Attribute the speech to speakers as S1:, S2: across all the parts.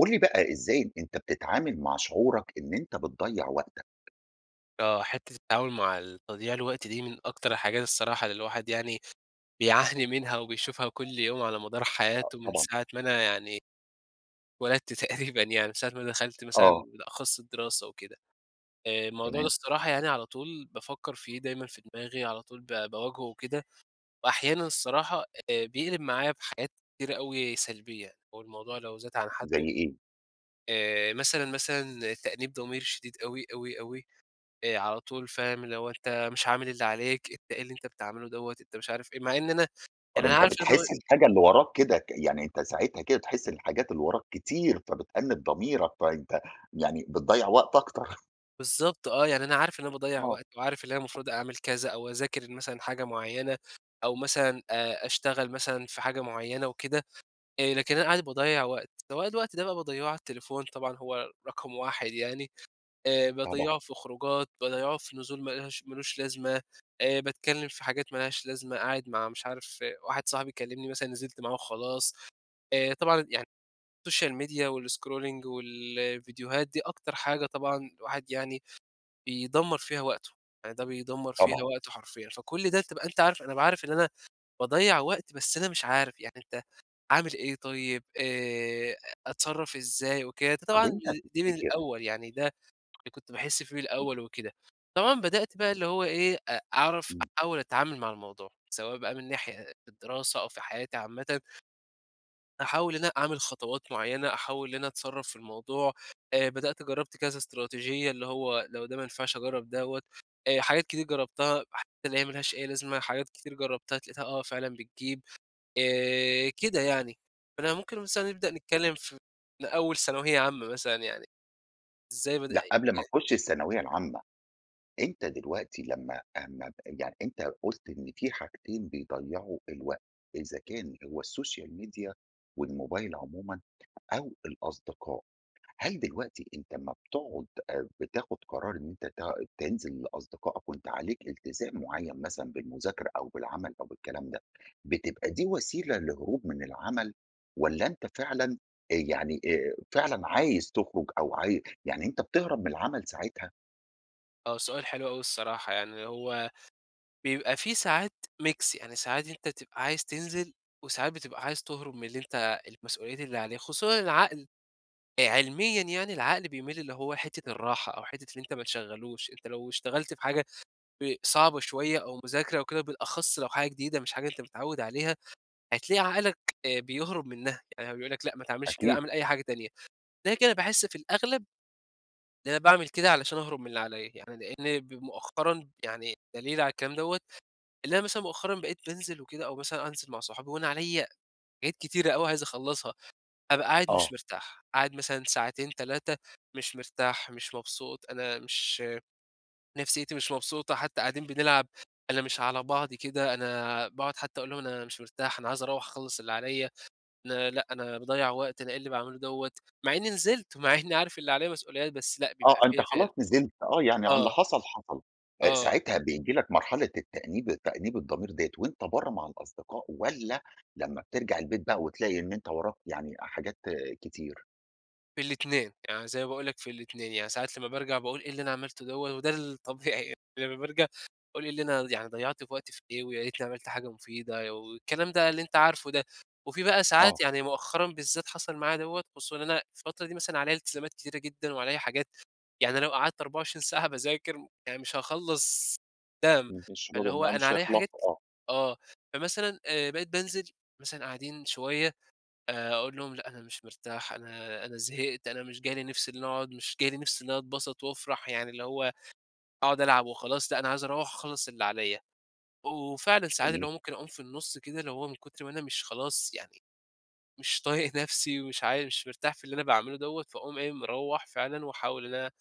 S1: قُل لي بقى، إزاي أنت بتتعامل مع شعورك إن أنت بتضيَّع وقتك؟
S2: آه، حتّة التعامل مع ال تضييع الوقت دي من أكتر الحاجات الصراحة اللي الواحد يعني بيعاني منها، وبيشوفها كل يوم على مدار
S1: آه،
S2: حياته من
S1: طبعًا.
S2: ساعة ما أنا يعني اتولدت تقريبًا يعني من ساعة ما أنا دخلت مثلًا
S1: آه.
S2: بالأخص الدراسة و كده. آآ، الموضوع ده
S1: تمام.
S2: الصراحة يعني على طول بافكَّر فيه، دايمًا في دماغي، على طول با باواجهُه وكده، وأحيانًا الصراحة آآ، بيقلِب معايا بحاجات كتيرة أوي سلبية، هو الموضوع لو زاد عن
S1: زي
S2: حدُّه
S1: إيه؟
S2: آآ، مثلًا، مثلًا تأنيب ضمير شديد أوي أوي أوي آآ، على طول فاهم اللي هو "أنت مش عامل اللي عليك، إيه اللي أنت بتعملُه دوَّة!" أنت مش عارف إيه، مع إن أنا
S1: طب
S2: يعني أنا
S1: أنت
S2: عارف إن هو
S1: بتحس الحاجة اللي وراك كده ك يعني أنت ساعتها كده تحس إن الحاجات اللي وراك كتير، فبتأنِّب ضميرك، فأنت يعني بتضيَّع وقت أكتر.
S2: بالضبط، آه يعني أنا عارف إن أنا باضيّع
S1: آه.
S2: وقت وعارف إن أنا المفروض أعمل كذا أو أذاكر مثلًا حاجة معيّنة أو مثلًا آآ، أشتغل مثلًا في حاجة معيّنة وكده، آآ، لكن أنا قاعد باضيّع وقت، طب أنا الوقت ده بقى باضيّعه على التليفون طبعًا هو رقم 1 يعني. آآ،
S1: طبعًا.
S2: باضّيعه في خروجات، باضيّعه في نزول ما لهاش ما لوش لازمة آآ، باتكلِّم في حاجات ما لهاش لازمة، قاعد مع مش عارف واحد صاحبي يكلِّمني مثلًا نزلت معاه و خلاص، آآ، طبعًا يعني الSocial Media والScrolling والفيديوهات، دي أكتر حاجة طبعًا الواحد يعني بيدمَّر فيها وقتُه، يعني ده بيدمَّر فيها
S1: طبعًا.
S2: وقته حرفيًا. فكل ده تبقى أنت عارف أنا بابقى عارف إن أنا باضيّع وقت، بس أنا مش عارف يعني أنت أعمل إيه طيب، آآ، أ أتصرَّف إزاي وكده، ده
S1: طب
S2: طبعًا
S1: أنت
S2: دي من
S1: تفتِكِر
S2: الأول يعني ده اللي كنت باحس فيه
S1: إمم.
S2: الأول وكده، طبعًا بدأت
S1: امم.
S2: بقى اللي هو إيه أ أعرف
S1: إمم.
S2: أحاول أتعامل مع الموضوع، سواء بقى من ناحية أ أ الدراسة أو في حياتي عامةً أحاول إن أنا أعمل خطوات معيّنة، أحاول إن أنا أتصرّف في الموضوع آآ، بدأت جرَّبت كذا إستراتيجية، اللي هو لو ده ما نفِعش أجرَّب دوَّة، آآ، حاجات كتير جرّبتها، حتى اللي هي ما لهاش أي لازمة، حاجات كتير جرّبتها اتلاقيتها آه فعلًا بتجيب، آآ، كده يعني. فأنا ممكن مثلًا نبدأ نتكلِّم في من أول ثانوية عامّة مثلًا يعني، إزاي بدأت
S1: لأ،
S2: ي
S1: قبل ما نخُش الثانوية العامة، أنت دلوقتي لمَّا امَّا يع أنت قُلت إن في حاجتين بيضيَّعوا الوقت، إذا كان هو الSocial Media والموبايل عمومًا أو الأصدقاء، هل دلوقتي أنت امَّا بتقعد آآ، بتاخد قرار إن أنت ت تنزل لأصدقائك وأنت عليك إلتزام معيّن مثلًا بالمذاكرة أو بالعمل أو بالكلام ده، بتبقى دي وسيلة لهروب من العمل، والَّا أنت فعلًا آآ، يعني آآ، فعلًا عايز تخرُج أو عاي يعني أنت بتهرب من العمل ساعتها؟
S2: آه، سؤال حلو أوي الصراحة، يعني هو بيبقى في ساعات ميكس، يعني ساعات أنت تبقى عايز تنزل وساعات بتبقى عايز تهرب من اللي أنت المسؤوليّات اللي عليك، خصوصًا العقل آآ، علميًا يعني العقل بيميل اللي هو حِتّة الراحة أو حِتّة اللي أنت ما تشغلوش، أنت لو اشتغلت بحاجة ب صعبة شويَّة أو مُذاكرة أو كده بالأخص لو حاجة جديدة مش حاجة أنت متعود عليها، هتلاقي عقلك آآ، بيهرب منها، يعني هو بيقول لك لأ ما تعملش كده،
S1: أكيد.
S2: أعمل أي حاجة تانية، ده كده باحس في الأغلب إن أنا باعمل كده علشان أهرب من اللي عليّا، يعني لإن ب مؤخرًا يعني دليل على الكلام دوّة، إن أنا مثلًا مؤخرًا بقيت بانزل وكده أو مثلًا أنزل مع صحابي وأنا عليّا حاجات كتيرة أوي عايز أخلّصها، أبقى قاعد مش
S1: آه.
S2: مرتاح، قاعد مثلًا ساعتين، 3 مش مرتاح مش مبسوط، أنا مش نفسيتي مش مبسوطة، حتى قاعدين بنلعب أنا مش على بعضي كده، أنا باقعد حتى أقول لهم: "أنا مش مرتاح أنا عايز أروَّح أخلّص اللي عليّا، أنا لأ، أنا باضيَّع وقت، أنا إيه اللي باعمله دوّة." مع إني نزلت، مع إني عارف اللي عليّا مسؤوليات بس لأ،
S1: آه،
S2: بيبقى
S1: أنت
S2: في فال
S1: خلاص نزِلت آه، يعني ع اللي
S2: آه.
S1: حصل حصل، آآ
S2: آه.
S1: ساعتها بييجي لك مرحلة التأنيب تأنيب الضمير ديّة وأنت برّا مع الأصدقاء، والّا لمّا بترجع البيت بقى وتلاقي إن أنت وراك يعني حاجات كتير؟
S2: في الاتنين يعني زي ما باقول لك في الاتنين، يعني ساعات لما بارجع باقول إيه اللي أنا عملتُه دوَّة وده الطبيعي يعني لمَّا بارجع باقول إيه اللي أنا يعني ضيَّعت وقتي في إيه، ويا ريتني عمَلت حاجة مفيدة والكلام ده اللي أنت عارفُه ده، وفيه بقى
S1: آه.
S2: ساعات، يعني مؤخرًا بالذات حصل معايا دوَّة خصوصًا إن أنا الفترة دي مثلًا عليَّا التزامات كتيرة جدًا، وعليَّا حاجات يعني لو قعدت 24 ساعة باذاكر، يعني مش هاخلَّص
S1: ما
S2: [unintelligible]
S1: فيش
S2: فاللي هو
S1: [unintelligible]
S2: أنا
S1: مش
S2: عليَّا حاجات
S1: هيخلصوا، آه.
S2: آه، فمثلًا آآ بقيت بانزل مثلًا قاعدين شوية آآ، أقول لهم: "لأ أنا مش مرتاح أنا أنا زهقت أنا مش جاي لي نفس إن أقعد مش جاي لي نفس إن أنا اتبسَط وأفرَح يعني اللي هو هاقعد ألعب وخلاص لأ، أنا عاوز أروَّح أخلَّص اللي عليَّا،" وفعلًا ساعات اللي
S1: جميل.
S2: هو ممكن أقوم في النُصّ كده اللي هو من كُتر ما أنا مش خلاص يعني، مش طايق نفسي ومش عا مش مرتاح في اللي أنا باعملُه دوَّة، فاقوم إيه مروَّح فعلًا وأحاول إن أنا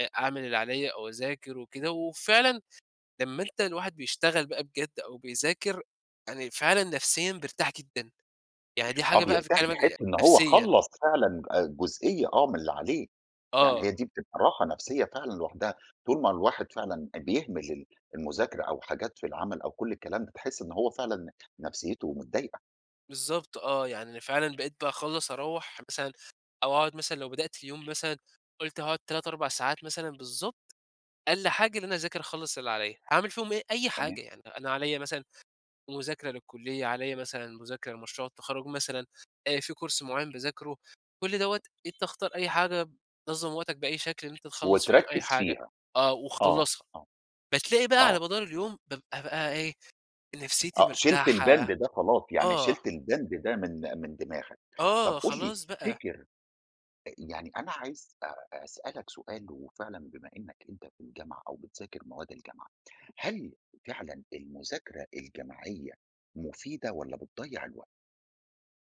S2: أ أعمل اللي عليَّا أو أذاكر وكده، وفعلًا لمَّا أنت الواحد بيشتغل بقى بجد أو بيذاكر، يعني فعلًا نفسيًا بيرتاح جدًا، يعني دي
S1: آه،
S2: حاجة بقى
S1: بيرتاح بيحسّ
S2: [unintelligible]
S1: إن هو
S2: نفسيًا.
S1: خلَّص فعلًا آآ جزئية آه من اللي عليه، يعني هي
S2: آه.
S1: دي بتبقى راحة نفسيّة فعلًا لوحدها، طول ما الواحد فعلًا بيهمِل ال المذاكرة أو حاجات في العمل، أو كل الكلام ده، بتحسّ إنه هو فعلًا نفسيتُه متضايقة.
S2: بالضبط آه. يعني أنا فعلًا بقيت باخلّص أروّح مثلًا، أو أقعد مثلًا لو بدأت اليوم مثلًا قُلت هاقعد 3، 4 ساعات مثلًا بالضبط، أقل حاجة إن أنا أذاكر أخلّص اللي عليّا. أعمل فيهم إيه؟ أي
S1: تمام.
S2: حاجة. يعني أنا عليّا مثلًا مذاكرة للكُلّية، عليّا مثلًا مذاكرة لمشروع التخرُّج مثلًا. أ في كورس معيّن باذاكره. كل دوّة أنت اختار أي حاجة بتنظّم وقتك بأي شكل إن أنت تخلّص فيهم أي
S1: وتركِّز
S2: حاجة.
S1: فيها.
S2: آه،
S1: آه.
S2: وخلّصها.
S1: آه.
S2: بتلاقي بقى على
S1: آه.
S2: مدار اليوم بابقى بقى إيه، نفسيتي
S1: آه، شِلت
S2: مرتاحة.
S1: البند ده خلاص. يعني شِلت
S2: آه.
S1: البند ده من من دماغك. طب
S2: آه،
S1: قُل لي
S2: خلاص بقى.
S1: تفتكر أ يعني أنا عايز أ أسألك سؤال وفعلًا بما إنّك أنت في الجامعة أو بتذاكر مواد الجامعة، هل فعلًا المذاكرة الجماعية مفيدة والّا بتضيّع الوقت؟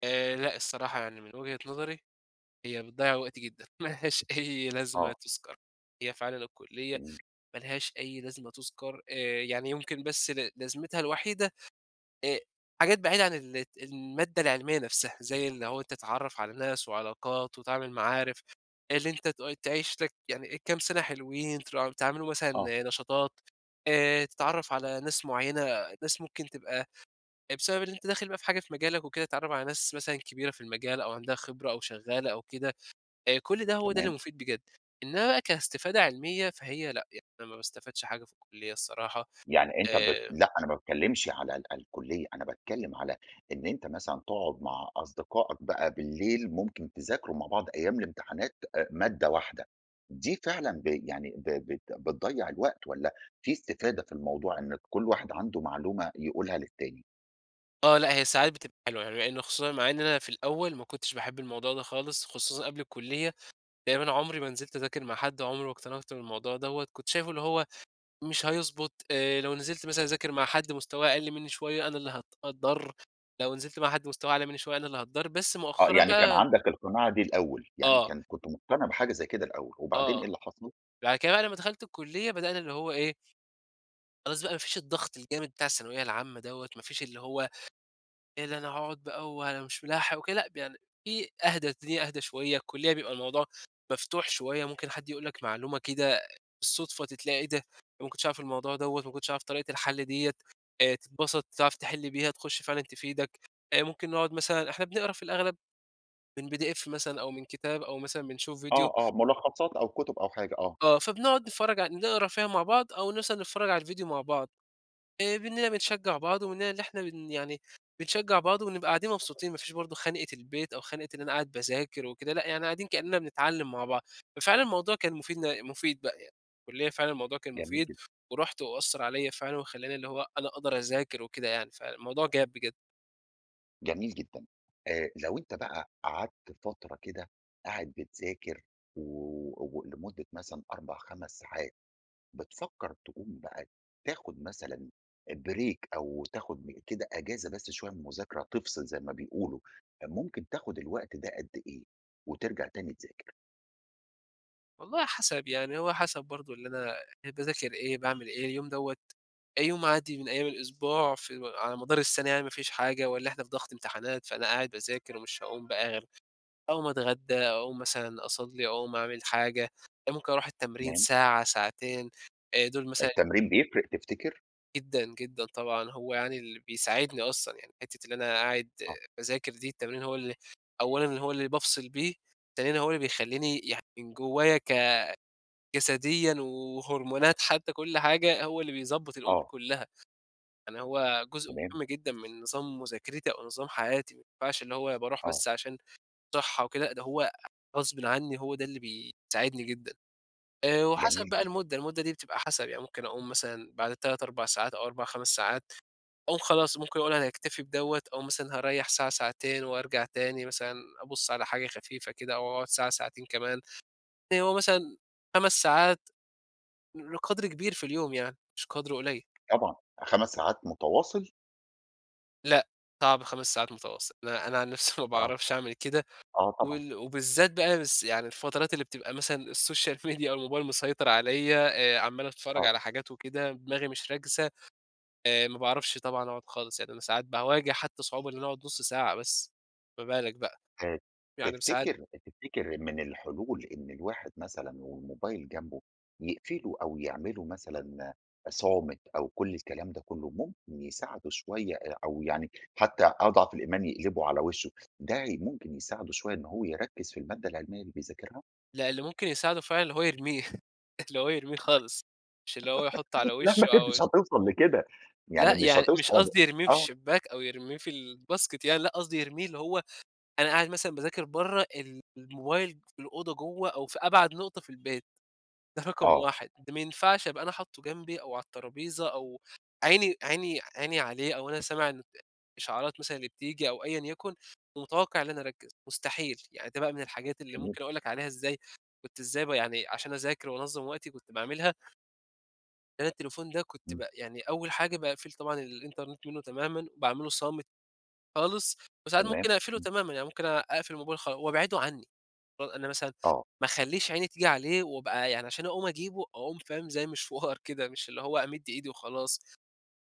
S2: آآ لأ الصراحة. يعني من وجهة نظري، هي بتضيّع وقت جدًا. ما لهاش أي لازمة
S1: آه.
S2: تُذكَر. هي فعلًا الكُلّية
S1: جميل.
S2: ما لهاش أي لازمة تُذكَر، آآ يعني يمكن بس ل لازمتها الوحيدة أ حاجات بعيدة عن الت المادة العلمية نفسها. زي اللي هو أنت تتعرّف على ناس وعلاقات، وتعمل معارف آآ اللي أنت تؤي تعيش لك. يعني إيه كام سَنة حلوين ترا تعملوا
S1: آه.
S2: مثلًا نشاطات، آآ تتعرّف على ناس معيّنة، ناس ممكن تبقى أ بسبب اللي أنت داخل بقى في حاجة في مجالك وكده، تتعرّف على ناس مثلًا كبيرة في المجال أو عندها خبرة أو شغّالة أو كده. أ كل ده، هو ده اللي
S1: تمام.
S2: مفيد بجد. إنّما بقى كاستفادة علمية، فهي لأ. يعني أنا ما باستفادش حاجة في الكُلّية الصراحة.
S1: يعني أنت بت
S2: آآ
S1: لأ، أنا ما باتكلّمش على ال الكُلّية، أنا باتكلّم على إن أنت مثلًا تقعد مع أصدقائك بقى بالليل، ممكن تذاكروا مع بعض أيام الامتحانات أ مادة واحدة. دي فعلًا ب يعني ب بت بتضيّع الوقت والّا في استفادة في الموضوع إن كل واحد عنده معلومة يقولها للتاني؟
S2: آه. لأ هي ساعات بتبقى [unintelligible] لإنّه خصوصًا مع إن أنا في الأول ما كنتش باحب الموضوع ده خالص، خصوصًا قبل الكُلّية، تقريبًا عمري ما نزلت أذاكر مع حد، عمري ما اقتنعت بالموضوع دوّة، كنت شايفه اللي هو مش هيضبط، آآ لو نزلت مثلًا أذاكر مع حد مستواه أقل منّي شوية، أنا اللي هات هاتضَر، لو نزلت مع حد مستواه أعلى منّي شوية أنا اللي هاتضَر. بس
S1: آه.
S2: مؤخرًا
S1: يعني كان
S2: بقى
S1: عندك القناعة دي الأول، يعني
S2: آه.
S1: كان كنت مُقتنع بحاجة زي كده الأول. وبعدين إيه
S2: آه.
S1: اللي حصل؟
S2: بعد كده بقى لمّا دخلت الكُلّية، بدأنا اللي هو إيه خلاص بقى ما فيش الضغط الجامد بتاع الثانوية العامة دوّة. ما فيش اللي هو، إيه ده أنا هاقعد بقى وأنا مش مِلاحق وكده لأ، ب يعني فيه أهدى، الدنيا أهدى شوية، الكلية بيبقى الموضوع مفتوح شوية، ممكن حد يقول لك معلومة كده بالصُدفة ت تلاقي إيه ده؟! أنا ما كنتش أعرف الموضوع دوّة، ما كنتش أعرف طريقة الحل ديّة، آآ تتبَسط تعرف تحِل بيها، تخُش فعلًا تفيدك. أ ممكن نقعد مثلًا إحنا بنقرا في الأغلب من PDF مثلًا أو من كتاب، أو مثلًا بنشوف فيديو
S1: آه، آه. مُلخّصات أو كُتُب أو حاجة آه.
S2: آه. فبنقعد نتفرّج على نقرا فيها مع بعض، أو مثلًا نتفرّج على الفيديو مع بعض. آآ منّنا بنشجّع بعض ومنّنا اللي إحنا بن يعني بنشجّع بعض، ونبقى قاعدين مبسوطين ما فيش برضه خَنقِة البيت أو خَنقِة إن أنا قاعد باذاكر وكده لأ، يعني قاعدين كإنّنا بنتعلّم مع بعض. ففعلًا الموضوع كان مفيد ن مفيد بقى يع الكُلّية فعلًا الموضوع كان
S1: جميل
S2: مفيد،
S1: جدًا.
S2: ورُحت وأثَّر عليّا فعلًا، وخلّاني اللي هو أنا أقدر أذاكر وكده يعني، فالموضوع جاب بجد.
S1: جميل جدًا، آآ، لو أنت بقى قعدت فترة كده، قاعد بتذاكر و و لمدة مثلًا 4، 5 ساعات، بتفكَّر تقوم بقى تاخد مثلًا آآ، break أو تاخد كده أجازة بس شوية من المذاكرة، تفصل زي ما بيقولوا، ممكن تاخد الوقت ده قد إيه، وترجع تاني تذاكر؟
S2: والله حسب، يعني هو حسب برضه اللي أنا باذاكر إيه، باعمل إيه اليوم دوَّة أ يوم عادي من أيام الأسبوع في على مدار السنة يعني مافيش حاجة، والَّا إحنا في ضغط امتحانات فأنا قاعد باذاكر ومش هاقوم بقى غير أقوم اتغدّى أقوم مثلًا أصلّي، أقوم أعمل حاجة، أ ممكن اروح التمرين
S1: تمام.
S2: ساعة ساعتين أ دول مثلًا
S1: التمرين بيفرِق تفتكر؟
S2: جدًا، جدًا طبعًا، هو يعني اللي بيساعدني أصلًا يعني حتَّة اللي أنا قاعد
S1: آه.
S2: باذاكر دي، التمرين هو اللي أولًا هو اللي بافصل بيه، ثانيًا هو اللي بيخلّيني يع من جوّايا ك جسديًا و وهرمونات حتى، كل حاجة، هو اللي بيضبّط الأمور
S1: آه.
S2: كلّها، يعني هو جزء
S1: تمام.
S2: مهم جدًا من نظام مذاكرتي أو نظام حياتي، ما ينفعش اللي هو باروح
S1: آه.
S2: بس عشان صحَّة وكده، لأ، ده هو غصبٍ عني هو ده اللي بيساعدني جدًا. آآ،
S1: جميل
S2: وحسب بقى
S1: جدًا.
S2: المدة المدة دي بتبقى حَسَب، يعني ممكن أقوم مثلًا بعد 3، 4 ساعات، أو 4، 5 ساعات، أو خلاص ممكن اقول أنا هاكتفي بدوَّة أو مثلًا هاريَّح ساعة ساعتين وارجع تاني، مثلًا أبص على حاجة خفيفة كده أو واقعد ساعة ساعتين كمان، يعني هو مثلًا 5 ساعات، قدْر كبير في اليوم يعني، مش قدْر قُليّل.
S1: طبعًا، 5 ساعات متواصل؟
S2: لأ، صعب 5 ساعات متواصل، أنا أنا عن نفسي ما
S1: آه.
S2: باعرفش أعمل كده،
S1: آه، طبعًا.
S2: وال وبالذات بقى بس يعني الفترات اللي بتبقى مثلًا السوشيال ميديا أو الموبايل مسيطر عليّا، آآ عَمّال اتفرج
S1: آه.
S2: على حاجات وكده دماغي مش راكزة، آآ ما باعرفش طبعًا أقعد خالص، يعني أنا ساعات باواجه حتى صعوبة إن أنا أقعد نُص ساعة بس، ما بالك بقى،
S1: آآ، ت
S2: يعني بساعات
S1: تفتكر أنت تفتكر من الحلول إن الواحد مثلًا والموبايل جنبه، يقفله أو يعمله مثلًا صامت أو كل الكلام ده كله، ممكن يساعده شويّة آآ، أو يعني حتى أضعف الإيمان يقلبه على وشه، ده هي ممكن يساعده شويّة إن هو يركّز في المادة العلميّة اللي بيذاكرها؟
S2: لا، اللي ممكن يساعده فعلًا اللي هو يرميه، اللى هو يرميه خالص، مش اللي هو يحطه على
S1: لا
S2: وشه
S1: ما هي
S2: أو
S1: مش هتوصل لكده، يعني
S2: لأ،
S1: مش
S2: يعني
S1: هتوص
S2: مش قصدي
S1: [unintelligible]
S2: يرميه في
S1: آه.
S2: الشباك، أو يرميه في الباسكت يعني، لأ قصدي يرميه اللي هو، أنا قاعد مثلًا باذاكر برّة، الموبايل في الأوضة جوّة أو في أبعد نقطة في البيت، ده رقم
S1: آه.
S2: 1 ده ما ينفعش أبقى أنا حاطه جنبي أو على الطرابيزة أو عيني عيني عيني عليه، أو أنا سامع إن ت إشعارات مثلًا اللي بتيجي أو أيًا يكن، ومتوقع إن أنا أركّز، مستحيل، يعني ده بقى من الحاجات اللي
S1: جميل.
S2: ممكن أقول لك عليها إزاي كنت إزاي ب يعني عشان أذاكر وأنظّم وقتي كنت باعملها أنا التليفون ده كنت
S1: امم.
S2: ب يعني أوّل حاجة باقفِل طبعًا الإنترنت منُّه تمامًا، باعمله صامت خالص وساعات ممكن
S1: تمام.
S2: أقفِله
S1: امم.
S2: تمامًا، يعني ممكن أ أقفِل الموبايل خال وأبعده عنّي، أو أنا مثلًا
S1: آه.
S2: ما أخلّيش عيني تيجي عليه وأبقى يعني عشان أقوم أجيبه، أقوم فاهم؟ زي مشوار كده، مش اللي هو أمِد إيدي وخلاص.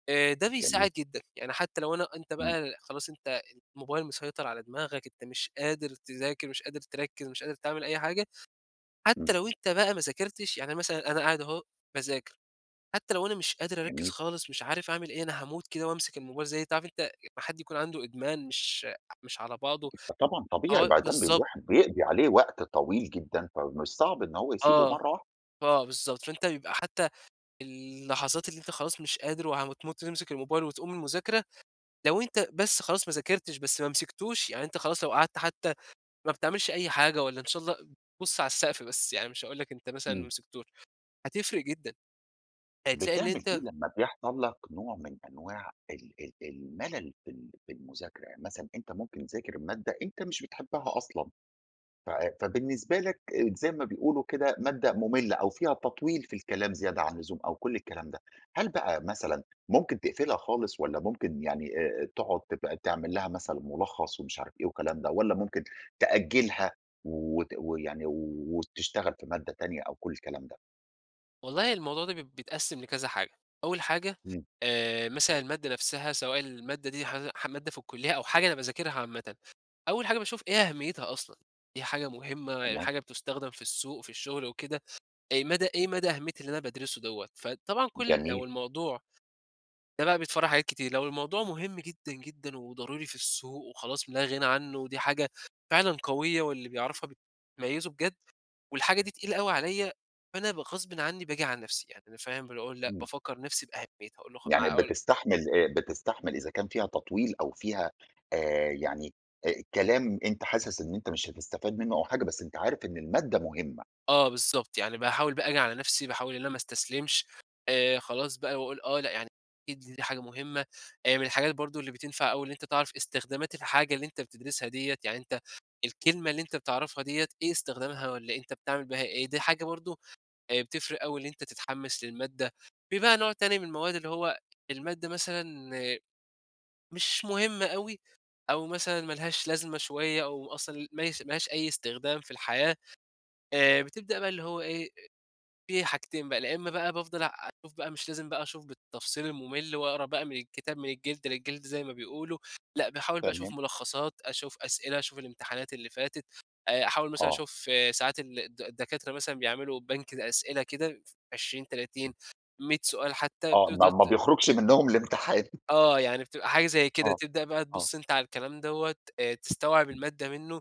S2: آآ ده
S1: جميل.
S2: بيساعد جدًا، يعني حتى لو أنا أنت
S1: امم.
S2: بقى، خلاص أنت الموبايل مسيطر على دماغك، أنت مش قادر تذاكر، مش قادر تركِّز، مش قادر تعمل أي حاجة، حتى
S1: امم.
S2: لو أنت بقى ما ذاكرتش، يعني مثلًا أنا قاعد أهو باذاكر، حتى لو أنا مش قادر أركِّز
S1: جميل.
S2: خالص، مش عارف أعمل إيه، أنا هاموت كده وأمسِك الموبايل، زي أنت عارف أنت امّا حد يكون عَنده إدمان مش مش على بعضُه؟
S1: فطبعًا طبيعي،
S2: آه،
S1: بادام
S2: بالضبط.
S1: الواحد بيقضِي عليه وقت طويل جدًا، فمن الصعب إن هو يسيبه
S2: آه.
S1: مرَّة واحد.
S2: آه، بالضبط. فأنت بيبقى حتى اللحظات اللي أنت خلاص مش قادر وهم تموت وتمسِك الموبايل وتقوم من المذاكرة، لو أنت بس خلاص ما ذاكرتش بس ما مسِكتوش، يعني أنت خلاص لو قعَدْت حتى ما بتعمِلش أي حاجة والّا إن شاء الله بُص على السقف بس يعني، مش هاقول لك أنت مثلًا ما
S1: امم.
S2: مسكتوش، هتفرِق جدًا. هتلاقي إن
S1: بتعمل إيه
S2: أنت
S1: لمّا بيحصَل لك نوع من أنواع ال ال الملل في ال في المذاكرة؟ يعني مثلًا أنت ممكن تِذاكر المادة، أنت مش بتحبها أصلًا. ف فبالنسبة لك زي ما بيقولوا كده مادة مُملّة أو فيها تطويل في الكلام زيادة عن اللزوم أو كل الكلام ده، هل بقى مثلًا، ممكن تقفِلها خالص والَّا ممكن يعني آآ، آآ تقعُد تبقى تعمل لها مثلًا مُلخّص ومش عارف إيه وكلام ده، والَّا ممكن تأجِّلها و وت ويعني و وتشتغل في مادة تانية أو كل الكلام ده؟
S2: والله الموضوع ده ب بيتقسم لكذا حاجة، أول حاجة،
S1: إمم.
S2: آآ مثلًا المادة نفسها سواء المادة دي ه ح مادة في الكُليّة أو حاجة أنا باذاكرها عامةً، أول حاجة باشوف إيه أهميتها أصلًا، هي حاجة مهمة، ال
S1: تمام.
S2: حاجة بتستخدم في السوق، في الشغل وكده، إيه مدى إيه مدى أهمية اللي أنا بادرسه دوّة؟ فطبعًا كل
S1: جميل.
S2: لو الموضوع ده بقى بيتفرع حاجات كتير، لو الموضوع مهم جدًا، جدًا وضروري في السوق وخلاص لا غنى عنه و دي حاجة فعلًا قوية، واللي بيعرفها بتميّزه بجد والحاجة دي تقيلة أوي عليَّا؛ فأنا ب غصبًا عني باجي على نفسي يعني أنا فاهم باجي أقول لأ،
S1: إمم.
S2: بافكر نفسي بأهميتها أقول لا خ
S1: يعني
S2: ما أقول
S1: بتستحمل آآ بتستحمل إذا كان فيها تطويل أو فيها آآ يعني آآ، كلام أنت حاسس إن أنت مش هتستفاد منه أو حاجة، بس أنت عارف إن المادة مهمة.
S2: اه بالضبط، يعني باحاول بقى آجي على نفسي باحاول، إن أنا ما أستسلمش، آآ خلاص بقى باقول آه، لأ يعني أكيد دي حاجة مهمة. آآ من الحاجات برضه اللي بتنفع أوي، إن أنت تعرف إستخدامات الحاجة اللي أنت بتدرسها ديَّة، يعني أنت الكلمة اللي إنت بتعرفها ديَّة إيه استخدامها، والّا أنت بتعمل بها ايه، دي حاجة برضه آآ، بتفرق أوي إن أنت تتحمس للمادة. في بقى نوع تاني من المواد اللي هو المادة مثلًا مش مهمة أوي أو مثلًا ما لهاش لازمة شوية، أو أصلًا مايس ما لهاش أي استخدام في الحياة، آآ بتبدأ بقى اللي هو إيه، أ في حاجتين بقى، لا إمّا بقى بافضل أشوف بقى مش لازم بقى أشوف بالتفصيل الممل وأقرأ بقى من الكتاب من الجلدة للجلدة زي ما بيقولوا، لأ باحاول بقى أشوف
S1: تمام.
S2: ملخصات، أشوف أسئلة، أشوف الامتحانات اللي فاتت، آآ أحاول مثلًا
S1: اه.
S2: أشوف ساعات ال الد الدكاترة مثلًا بيعملوا بنك الأسئلة كده ف20، 30،
S1: إمم.
S2: 100 سؤال حتى
S1: آه، ما
S2: تقدر
S1: ما
S2: ت
S1: بيخرجش منهم الإمتحان.
S2: آه، يعني بتبقى حاجة زي كده
S1: آه،
S2: تبدأ بقى
S1: آه.
S2: تبص أنت على الكلام دوّة، آآ تستوعب
S1: إمم.
S2: المادة منه،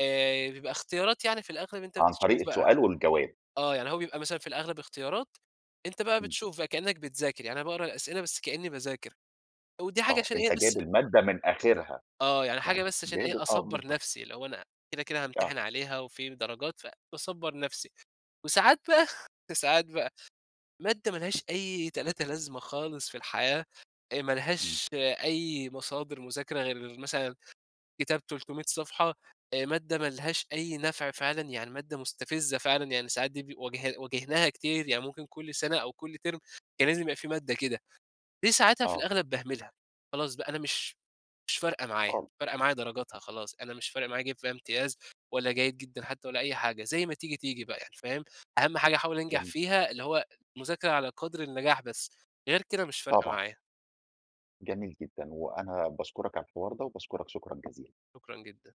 S2: آآ بيبقى اختيارات يعني في الأغلب أنت
S1: عن طريق
S2: بتشوف بقى.
S1: السؤال والجواب.
S2: آه، يعني هو بيبقى مثلًا في الأغلب اختيارات، أنت بقى
S1: إمم.
S2: بتشوف بقى كأنك بتذاكر، يعني أنا باقرأ الأسئلة بس كأني باذاكر، ودي حاجة
S1: آه،
S2: عشان إيه،
S1: أنت
S2: بس
S1: جايب
S2: أ
S1: المادة من آخرها،
S2: آه، يعني حاجة
S1: يعني
S2: بس عشان
S1: جايب
S2: إيه،
S1: آه،
S2: أصبر
S1: بالضبط.
S2: نفسي، اللي هو أنا كده كده
S1: آه
S2: هامتحن عليها وفي درجات فباصَبّر نفسي. وساعات بقى ساعات بقى مادة ما لهاش أي تلاتة لازمة خالص في الحياة، آآ، ما
S1: إمم.
S2: لهاش أي مصادر مذاكرة غير مثلًا كتاب 300 صفحة، آآ، مادة ما لهاش أي نفع فعلًا، يعني مادة مستفزة فعلًا، يعني ساعات دي بي واجه واجهناها كتير، يعني ممكن كل سنة أو كل تِرم كان لازم يبقى في مادة كده. دي ساعتها في
S1: آه.
S2: الأغلب باهملها، خلاص بقى، أنا مش مش فارقة معايا،
S1: خالص.
S2: فارقة معايا درجاتها
S1: [unintelligible]
S2: خلاص، أنا مش فارق معايا أجيب فيها إمتياز ولا جيد جدًا حتى ولا أي حاجة، زي ما تيجي تيجي بقى يعني، فاهم؟ أهم حاجة أحاول انجح
S1: جميل.
S2: فيها، اللي هو مذاكرة على قدر النجاح بس، غير كده مش فارقة
S1: طبعًا.
S2: معايا.
S1: جميل جدًا. وأنا باشكرك على الحوار ده، وباشكرك، شكرًا جزيلا.
S2: شكرًا جدًا.